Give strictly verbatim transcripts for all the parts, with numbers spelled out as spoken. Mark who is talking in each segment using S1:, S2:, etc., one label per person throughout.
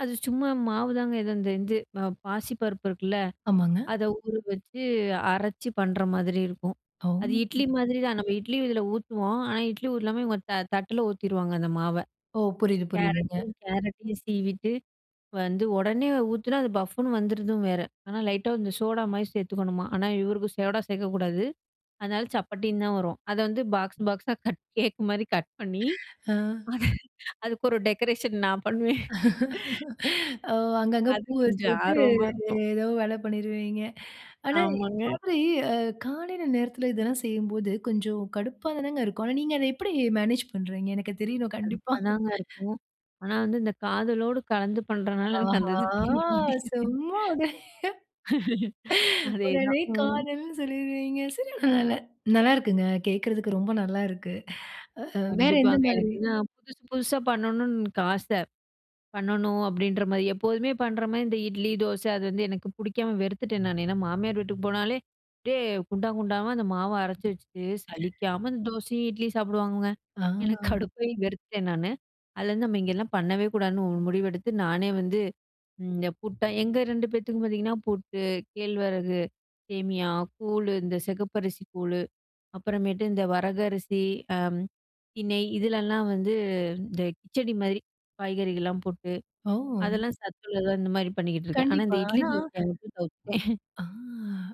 S1: அது சும்மா மாவுதாங்க, ஏதோ இந்த இது ப பாசிப்பருப்பு இருக்குல்ல,
S2: ஆமாங்க.
S1: அத ஊற வச்சு அரைச்சு பண்ற மாதிரி இருக்கும்.
S2: ஓ!
S1: அது இட்லி மாதிரி தான் நம்ம இட்லி இதில ஊத்துவோம். ஆனா, இட்லி ஊத்தாம இவங்க தட்டில ஊத்திருவாங்க அந்த மாவ.
S2: ஓ! புரியுது, புரியுதுங்க.
S1: கேரட்டையும் கேரட்டையும் சீவிட்டு வந்து உடனே ஊத்துனா அது பஃப்ஃபுன்னு வந்துடுதும் வேற, ஆனா லைட்டா அந்த சோடா மாதிரி சேர்த்துக்கணுமா, ஆனா இவருக்கு சோடா சேர்க்கக்கூடாது. அதனால சப்பாட்டின்னு தான் வரும். அத வந்து பாக்ஸ் பாக்ஸா கட் கேக் மாரி கட் பண்ணி
S2: ஹ.
S1: அத, அதுக்கு ஒரு டெக்கரேஷன் நான் பண்ணுவேன்.
S2: ஓ! அங்கங்க
S1: அது
S2: பூ
S1: கொஞ்சம்
S2: வச்சுவிட்டு,
S1: ஆர்வமா இருக்கும்.
S2: ஏதோ வேல பண்ணிருவீங்க. ஆனா, இந்த
S1: ஆமாங்க.
S2: மாதிரி அ காலையில நேரத்தில இதெல்லாம் செய்யும்போது கொஞ்சம் கடுப்பா தானங்க இருக்கும். ஆனா, நீங்க அத எப்படி மேனேஜ் பண்ணுறீங்க. எனக்கு தெரியணும் கண்டிப்பா.
S1: கடுப்பாதாங்க இருக்கும். ஆனா வந்து இந்த காதலோடு கலந்து பண்றனால, எனக்கு அந்த
S2: ஆஹா!
S1: இது தெரிய மாட்டேங்குது.
S2: சும்மா விடு.
S1: அதேதான்
S2: உடனே
S1: ம்.
S2: காதல்ன்னு சொல்லிடுவீங்க. சரி பரவால்ல நல்லாயிருக்குங்க கேக்கிறதுக்கு ரொம்ப நல்லா இருக்கு. வேற எந்த
S1: கண்டிப்பாங்க.
S2: மாதிரி?
S1: எனக்குதான் புதுசு, புதுசா பண்ணணுனு எனக்கு ஆச பண்ணணு அப்படின்ற மாரி. எப்போதுமே பண்ற மாரி இந்த இட்லி, தோசை அது வந்து எனக்கு புடிக்காம வெறுத்துட்டேன் நானு. ஏன்னா மாமியார் வீட்டுக்கு போனாலே அப்படியே குண்டா குண்டாவா அந்த மாவ அரைச்சு வச்சுட்டு, சலிக்காம அந்த தோசையும், இட்லியும் சாப்பிடுவாங்கங்க.
S2: ஆ!
S1: எனக்கு கடுப்பாகி வெறுத்துட்டேன் நானு. அதுலேருந்து நம்ம இங்கெல்லாம் பண்ணவே கூடாதுன்னு ஒரு முடிவெடுத்து, நானே வந்து இந்த புட்டா எங்க ரெண்டு பேத்துக்கும் பார்த்தீங்கன்னா புட்டு, கேழ்வரகு சேமியா, கூழ், இந்த செகப்பரிசி கூழு அப்புறமேட்டு இந்த வரகு அரிசி, அம் திணை இதுலலாம் வந்து இந்த கிச்சடி மாதிரி காய்கறிகள்லாம் போட்டு,
S2: ஓ!
S1: அதெல்லாம் சத்துல்லதா இந்த மாரி பண்ணிக்கிட்டுருக்கேன். ஆனா
S2: கண்டிப்பா,
S1: இந்த இட்லி,
S2: ஆனா.
S1: தோசைய மட்டும் விட்டு தவிர்த்துட்டேன்.
S2: ஆ,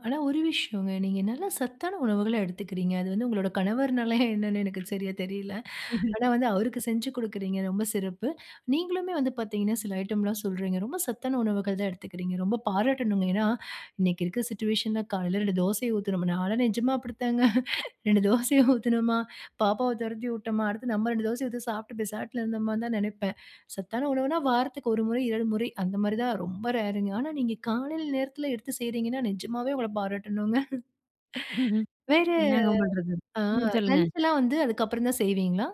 S2: ஆனா ஒரு விஷயங்க நீங்க நல்ல சத்தான உணவுகளா எடுத்துக்கிறீங்க. அது வந்து உங்களுடைய கணவர்னாலையா என்னனு எனக்கு சரியா தெரியல. ஆனா வந்து அவருக்கு செஞ்சு குடுக்கிறீங்க ரொம்ப சிறப்பு. நீங்களுமே வந்து பார்த்தீங்கனா சில ஐட்டம்லாம் சொல்றீங்க. ரொம்ப சத்தான உணவுகள் தான் எடுத்துக்கிறீங்க. ரொம்ப பாராட்டனுங்க. ஏனா இன்றைக்கு இருக்கிற சிட்யூவேஷன் ல, காலையில ரெண்டு தோசைய ஊத்தினோமா, நாலாம் நிஜமா அப்படி தாங்க. ரெண்டு தோசைய ஊத்தினோமா, பாப்பாவ துரத்தி விட்டோமா அடுத்து நம்ம ரெண்டு தோசைய ஊத்தி சாப்ட்டு பேசாட்ல இருந்தோமானு தான் நெனைப்பேன். சத்தான உணவுனா வாரத்துக்கு ஒரு முறை ரெண்டு முறை அந்த மாதிரி தான் ரொம்ப ரேருங்க. ஆனா நீங்க காலையில் நேரத்தில எடுத்து செய்றீங்கனா, நிஜமாவே உங்கள பாராட்டணுங்க. வேற
S1: என்னாங்க பண்றது?
S2: ஆ
S1: ம், சொல்லுங்க.
S2: லஞ்ச்லாம் வந்து, அதுக்கப்புறம் தான் செய்வீங்களா?